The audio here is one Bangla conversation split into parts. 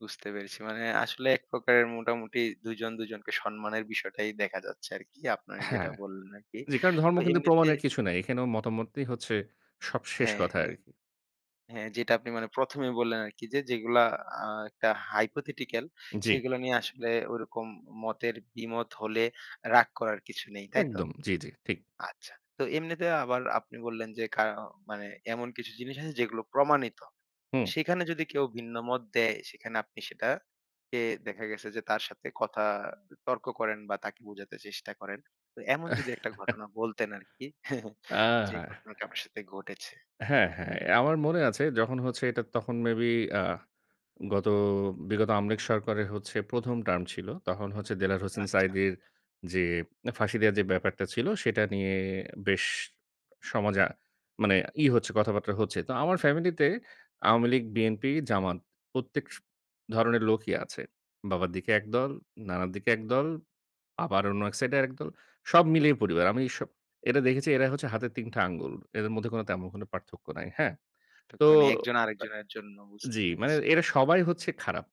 বুঝতে পেরেছি। মানে আসলে এক প্রকারের মোটামুটি ২ জন, ২ জনকে সম্মানের বিষয়টাই দেখা যাচ্ছে আরকি। আপনারা যেটা হ্যাঁ। বললেন আরকি। যে কারণ ধর্ম তো কিন্তু এমনিতে প্রমাণের কিছু নাই। এখানেও মতামতই হচ্ছে, সব শেষ হ্যাঁ, কথা হ্যাঁ। আরকি। হ্যাঁ যেটা আপনি মানে ১ম, এই বললেন আরকি যে যেগুলা আ একটা hypothetical জ্বি। সেগুলো নিয়ে আসলে ওরকম মতের বিমত হলে রাগ করার কিছু নেই। তাই তো? একদম জ্বি, জ্বি, ঠিক। আচ্ছা। তো এমনিতে আবার আপনি বললেন, যে কায়ো মানে এমন কিছু জিনিস আছে যেগুলো প্রমাণিত। হু। সেখানে যদি কেউ ভিন্ন মত দেয়, সেখানে আপনি সেটা কে দেখা গেছে যে তার সাথে কথা তর্ক করেন বা তাকে বোঝাতে চেষ্টা করেন। তো এমন যদি একটা ঘটনা বলতেন আরকি, যে অ্যা ঘটনাটা আপনার সাথে ঘটেছে। হ্যাঁ, হ্যাঁ। অ্যা আমার মনে আছে যখন হচ্ছে এটা তখন মেবি আ গত বিগত আওয়ামী লীগ সরকারে হচ্ছে ১ম, টার্ম ছিল। তখন হচ্ছে দেলোয়ার হোসেন আচ্ছা। সাঈদীর, যে ফাঁসি দেওয়ার যে ব্যাপারটা ছিল, সেটা নিয়ে বেশ সমাজে আ মানে ই হচ্ছে কথাবার্তা হচ্ছে। তো আমার ফ্যামিলিতে আওয়ামী লীগ, বিএনপি, জামাত প্রত্যেক স ধরনের লোকই আছে। বাবার দিকে একদল, নানার দিকে একদল। আবার অন্য এক সাইড এ আর একদল। সব মিলিয়ে পরিবার। আমি স এটা দেখেছি এরাই হচ্ছে হাতের ৩ টা আঙ্গুল। এদের মধ্যে কোন তেমন কোনো পার্থক্য নাই। হ্যাঁ? তো এতক্ষণে একজন আরেকজনের জন্য অ্যা বুঝতে জ্বি। মানে পেরেছি। এরা সবাই হচ্ছে খারাপ।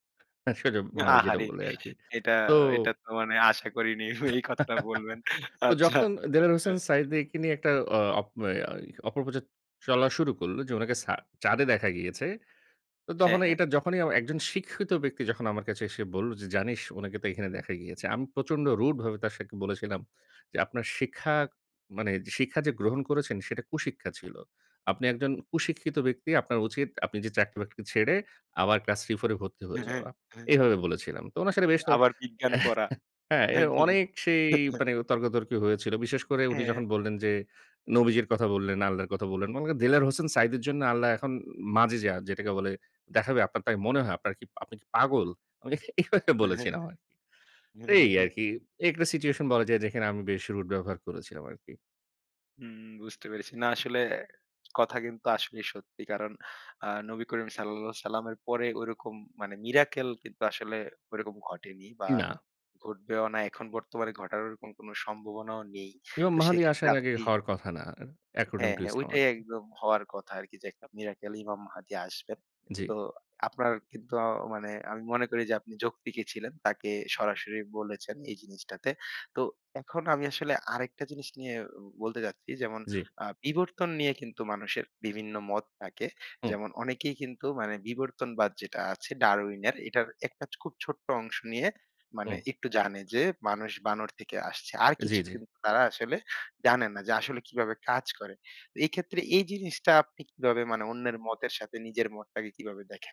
সোজা বাংলায় যেটা আহারে। বলে আরকি। এটা, তো এটা তো মানে আশা করিনি, উনি এই কথাটা বলবেন। তো আচ্ছা। যখন, দেলোয়ার হোসেন হ্যাঁ। সাঈদীকে নিয়ে একটা অ অপ অ্যা অপপ্রচার চলা শুরু করল, যে উনাকে ছা চাঁদে দেখা গিয়েছে। তো হ্যাঁ, তখন হ্যাঁ। এটা যখনই অ একজন শিক্ষিত ব্যক্তি যখন আমার কাছে এসে বলল, যে "জানিস উনাকে তো এখানে দেখা গিয়েছে।" আমি প্রচন্ড রুড ভাবে তার সাথে বলেছিলাম যে "আপনার শিক্ষা মানে শিক্ষা যে গ্রহণ করেছেন সেটা কুশিক্ষা ছিল। আপনি একজন কুশিক্ষিত ব্যক্তি আপনার উচিত আপনি যে চাকরি-বাকরি ছেড়ে, আবার ক্লাস 3, 4 এ ভর্তি হয়ে যাওয়া।" এভাবে বলেছিলাম। তো ওনার সাথে বেশ তর্ক আবার বিজ্ঞান পড়া। হ্যাঁ, অ্যা নাকি? অনেক সেই মানে তর্কাতর্কী হয়েছিল। বিশেষ করে উনি হ্যাঁ। যখন বললেন যে, "নবীজির কথা বললেন, আল্লাহর কথা বললেন, মানে ক দেলোয়ার হোসেন সাঈদীর জন্য আল্লাহ এখন মাজেযা যেটাকে বলে দেখাবে আপনার তাই মনে হয়? আপনার কি, আপনি কি পাগল?" আমি এ এভাবে বলেছিলাম আরকি। তে এই আরকি, এই একটা সিচুয়েশন বলা যায় যেখানে আমি বেশ রুড ব্যবহার করেছিলাম আরকি। হুম, বুঝতে পেরেছি। না আসলে, কথা কিন্তু আসলেই সত্যি। কারণ অ্যা নবী করিম সাঃ এর পরে ঐরকম মানে miracle কিন্তু আসলে ওরকম ঘটেনি বা না। ঘটবেও না। এখন বর্তমানে ঘটার ওরকম কোন সম্ভাবনাও নেই। ইমাম তো মাহাদি সেক্ষেত্রে আসার আগে আপনি হওয়ার কথা না। according হ্যাঁ, to হ্যাঁ ইসলাম ওইটাই আরকি। একদম হওয়ার কথা আরকি যে একটা miracle ইমাম মাহদী আসবেন। জ্বী। তো আপনার কিন্তু অ মানে, আমি মনে করি যে আপনি যৌক্তিকই ছিলেন। তাকে সরাসরি বলেছেন, এই জিনিসটাতে। তো এখন আমি আসলে আরেকটা জিনিস নিয়ে বলতে চাচ্ছি যেমন জ্বী। আ বিবর্তন নিয়ে কিন্তু মানুষের বিভিন্ন মত থাকে, হু। যেমন অনেকেই কিন্তু মানে 'বিবর্তনবাদ' যেটা আছে ডারউইনের এটার একটা খুব ছোট্ট অংশ নিয়ে মানে হুম। একটু জানে যে, "মানুষ বানর থেকে আসছে।" আর জ্বী, কিছু জ্বী। কিন্তু তারা আসলে জানে না যে আসলে কিভাবে কাজ করে। এক্ষেত্রে এই জিনিসটা আপনি কিভাবে মানে অন্যের মতের সাথে নিজের মতটাকে কিভাবে দেখেন?